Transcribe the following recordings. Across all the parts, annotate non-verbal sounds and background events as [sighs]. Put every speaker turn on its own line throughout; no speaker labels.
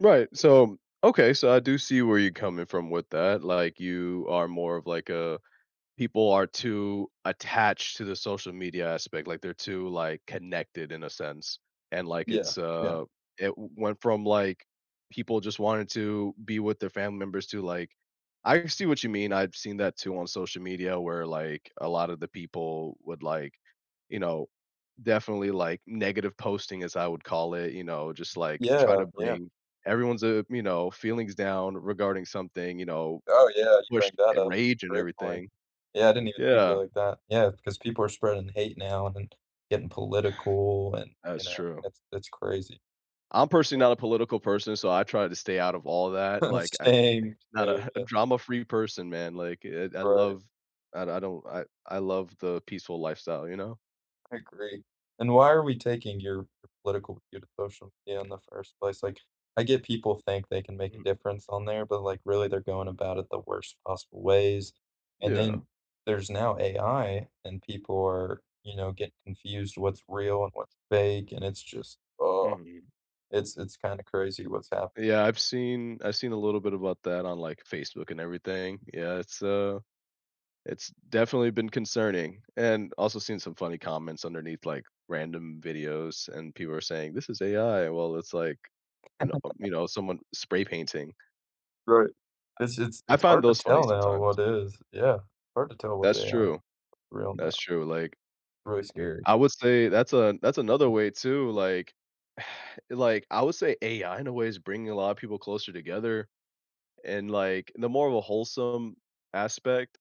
Right, so Okay, so I do see where you're coming from with that, like, you are more of like a "people are too attached to the social media" aspect, like, they're too, like, connected in a sense, and, like,
Yeah,
it's,
yeah.
uh it went from, like, people just wanted to be with their family members to, like I see what you mean, I've seen that too on social media where, like, a lotta the people would, like, you know, definitely, like, "negative posting" as I would call it, you know, just, like, try
Yeah,
to
yeah.
bring everyone's, uh, you know, feelings down regarding something, you know,
Oh, yeah, you
push,
bring that
uh,
up.
rage and
Great point.
everything.
Yeah, I didn't even think of it
Yeah.
like that, yeah, because people are spreading hate now and then getting political, and, you
That's
know,
true.
that's that's crazy.
I'm personally
Yeah.
not a political person, so I try to stay out of all that,
[chuckles]
like, I
Same,
not a
same,
[chuckles]
yeah.
drama free person, man, like, eh, I
Right.
love I I don't I I love the peaceful lifestyle, you know?
I agree, and why are we taking your political view to social media in the first place? Like, I get people think they can make a
Mm-mm.
difference on there, but, like, really, they're going about it the worst possible ways, and then,
Yeah.
there's now AI, and people are you know, get confused what's real, and what's fake, and it's just
Mhm.
[groans] it's it's kinda crazy what's hap
Yeah, I've seen I seen a little bit about that on, like, Facebook and everything, yeah, it's, uh it's definitely been concerning, and also seen some funny comments underneath, like, random videos and people are saying, "This is AI," well, it's like and, uh,
[laughs]
you know, someone spray painting.
Right, it's it's
I I
it's
find
hard to
those funny
tell now
sometimes.
what is Yeah. Hard to tell with
That's
AI,
true.
real,
That's
now.
true, like
Really scary.
I would say that's a that's another way too, like [sighs] like, I would say AI in a way is bringing a lotta people closer together, and, like, in the more of a wholesome aspect.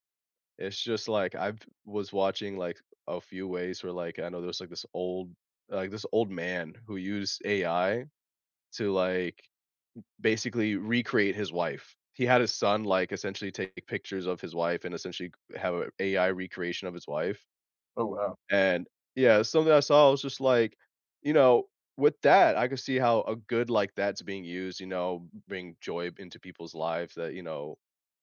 It's just like I've was watching, like, a few ways where, like, I know there's, like, this old like, this old man who used AI to, like, b basically recreate his wife. He had his son, like, essentially taking pictures of his wife and essentially c have a AI recreation of his wife
Oh, wow.
and Yeah, something I saw, I was just like, you know, with that, I could see how a good, like, that's being used, you know, b bring joy into people's lives that, you know,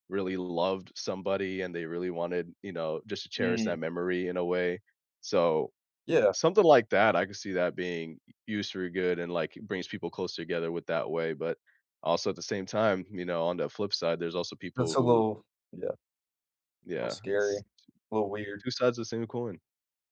really loved somebody and they really wanted, you know, just to cherish
Mm.
that memory in a way, so
Yeah.
Something like that, I could see that being u used for good and, like, brings people closer together with that way, but, also, at the same time, you know, on the flip side, there's also
That's
people
a
who
little yeah. Little
Yeah, it's
scary,
t
little weird.
2 sides of the same coin.